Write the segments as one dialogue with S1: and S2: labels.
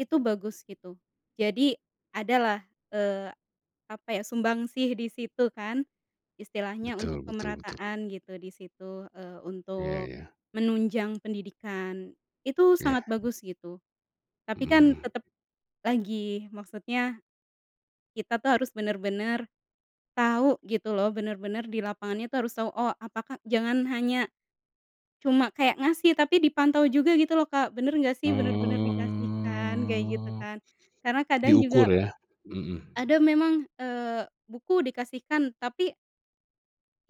S1: Itu bagus gitu. Jadi adalah, eee, apa, ya, sumbangsih di situ, kan. Istilahnya untuk
S2: Betul betul betul.
S1: pemerataan gitu di situ, eee,
S2: Iya
S1: untuk
S2: iya.
S1: menunjang pendidikan. Itu sangat
S2: Iya.
S1: bagus gitu. Tapi,
S2: Heeh
S1: kan,
S2: heeh.
S1: tetep lagi maksudnya kita, tuh, harus bener-bener tahu gitu, loh, bener bener di lapangan itu harus tahu, oh, apakah jangan hanya cuma kayak ngasih tapi dipantau juga gitu, loh, Kak, bener nggak, sih? Bener-bener dikasihkan kayak gitu,
S2: Oh,
S1: kan, karena kadang juga
S2: diukur, ya? Mhm.
S1: ada memang, eee, buku dikasihkan tapi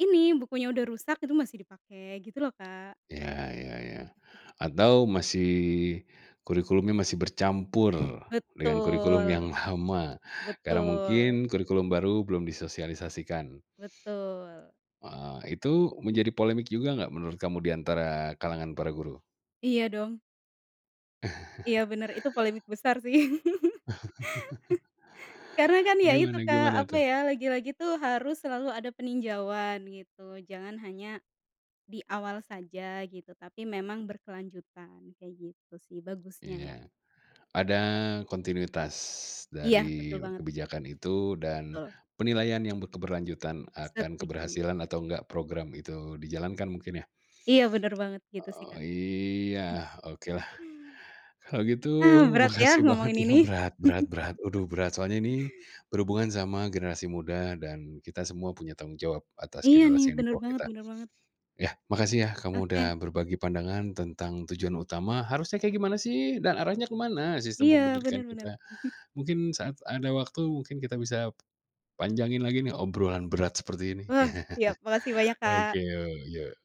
S1: ini, bukunya udah rusak itu masih dipakai gitu, loh, Kak.
S2: Iya iya iya, atau masih kurikulumnya masih bercampur dengan kurikulum yang
S1: Betul,
S2: lama, karena
S1: betul.
S2: mungkin kurikulum baru belum disosialisasikan.
S1: Betul.
S2: Heeh, itu menjadi polemik juga nggak menurut kamu di antara kalangan para guru?
S1: Iya dong. Iya bener. Itu polemik besar, sih. Karena, kan, ya, itu
S2: Gimana
S1: Kak,
S2: gimana,
S1: apa,
S2: tuh?
S1: ya, lagi-lagi, tuh, harus selalu ada peninjauan gitu, jangan hanya di awal saja, gitu. Tapi memang berkelanjutan, kayak gitu, sih, bagusnya, ya.
S2: Iya. Ada kontinuitas
S1: Iya, betul
S2: dari
S1: banget.
S2: kebijakan itu dan
S1: Betul.
S2: penilaian yang be keberlanjutan akan
S1: Setuju.
S2: keberhasilan atau enggak program itu dijalankan mungkin, ya?
S1: Iya bener banget gitu, sih,
S2: Oh,
S1: Kak.
S2: iya, okelah. Kalau gitu
S1: Ah, berat, ya,
S2: makasih banget
S1: ngomongin
S2: ya,
S1: ini.
S2: berat berat berat, aduh, berat, soalnya ini berhubungan sama generasi muda dan kita semua punya tanggung jawab atas
S1: Iya, nih,
S2: generasi yang di
S1: bener
S2: bawah
S1: banget
S2: kita.
S1: bener banget.
S2: Ya, makasih, ya, kamu udah
S1: Oke.
S2: berbagi pandangan tentang tujuan utama, harusnya kayak gimana, sih? Dan arahnya ke mana sistem
S1: Iya
S2: pendidikan
S1: bener bener.
S2: kita? Mungkin saat ada waktu mungkin kita bisa panjangin lagi, nih, obrolan berat seperti ini.
S1: Wah, siap. Makasih banyak Kak.
S2: Oke, yuk yuk.